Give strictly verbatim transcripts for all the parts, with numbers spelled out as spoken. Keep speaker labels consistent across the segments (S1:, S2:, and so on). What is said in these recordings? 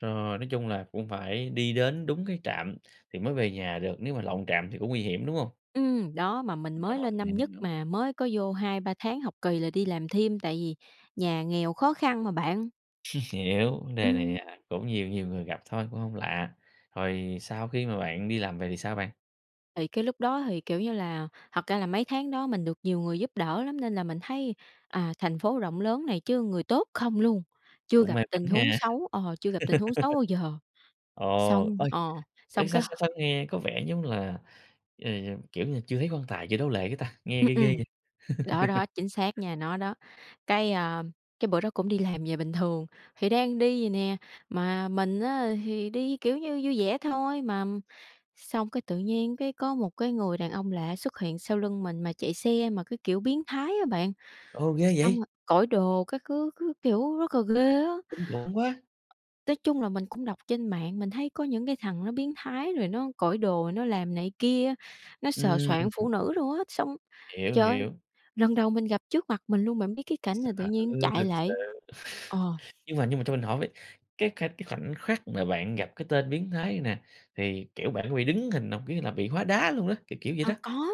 S1: Rồi, nói chung là cũng phải đi đến đúng cái trạm thì mới về nhà được, nếu mà lộn trạm thì cũng nguy hiểm, đúng hông?
S2: Ừm, đó, mà mình
S1: Rồi,
S2: mới lên năm
S1: mình
S2: nhất
S1: hiểu.
S2: mà, mới có vô hai ba tháng học kỳ là đi làm thêm, tại vì nhà nghèo khó khăn mà bạn.
S1: Hiểu, vấn đề này,
S2: Ừm.
S1: à, cũng nhiều nhiều người gặp thôi, cũng hông lạ. Rồi sau khi mà bạn đi làm về thì sao bạn?
S2: Thì cái lúc đó thì, kiểu như là thật ra là mấy tháng đó mình được nhiều người giúp đỡ lắm, nên là mình thấy, à, thành phố rộng lớn này chứ người tốt không luôn, chưa
S1: Cũng
S2: gặp
S1: may mắn
S2: tình huống
S1: ha.
S2: xấu ờ, chưa gặp tình huống xấu bao giờ.
S1: Ồ,
S2: Xong
S1: ôi!
S2: ờ,
S1: Ê,
S2: xong
S1: sao
S2: cái h
S1: sao sao nghe có vẻ giống là, ừm, kiểu như là, chưa thấy quan tài chưa đổ lệ cái ta, nghe
S2: Ừm,
S1: ghê ghê
S2: ừm.
S1: vậy.
S2: Đó, đó, chính xác nha, nó đó. Cái, à, cái bữa đó cũng đi làm về bình thường, thì đang đi vậy nè, mà mình á thì đi, kiểu như, vui vẻ thôi, mà, ừm, xong cái tự nhiên cái có một cái người đàn ông lạ xuất hiện sau lưng mình mà chạy xe mà cứ kiểu biến thái á bạn,
S1: Ồ, ghê
S2: xong rồi
S1: vậy!
S2: cởi đồ các thứ cứ kiểu rất là ghê á.
S1: Kinh khủng quá!
S2: Nói chung là mình cũng đọc trên mạng, mình thấy có những cái thằng nó biến thái rồi nó cởi đồ nó làm này kia, nó sờ soạng
S1: Ừm.
S2: phụ nữ luôn á. Xong,
S1: Hiểu,
S2: trời ơi,
S1: hiểu.
S2: lần đầu mình gặp trước mặt mình luôn, bạn biết cái cảnh
S1: Sợ
S2: là tự nhiên chạy
S1: thực sự!
S2: lại ờ.
S1: Nhưng mà nhưng mà cho mình hỏi với, cái kh cái khoảnh khắc mà bạn gặp cái tên biến thái này nè, thì, kiểu, bạn có bị đứng hình hông? Kiểu như là bị hóa đá luôn á, kiểu kiểu vậy
S2: À,
S1: đó.
S2: có,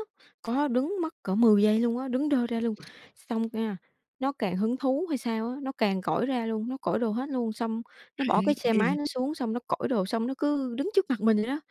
S2: có đứng mất cỡ mười giây luôn á, đứng đơ ra luôn. Xong nha, nó càng hứng thú hay sao á, nó càng cởi ra luôn, nó cởi đồ hết luôn, xong nó bỏ
S1: Hay,
S2: cái xe
S1: ghê
S2: máy
S1: vậy!
S2: nó xuống, xong nó cởi đồ, xong nó cứ đứng trước mặt mình vậy đó.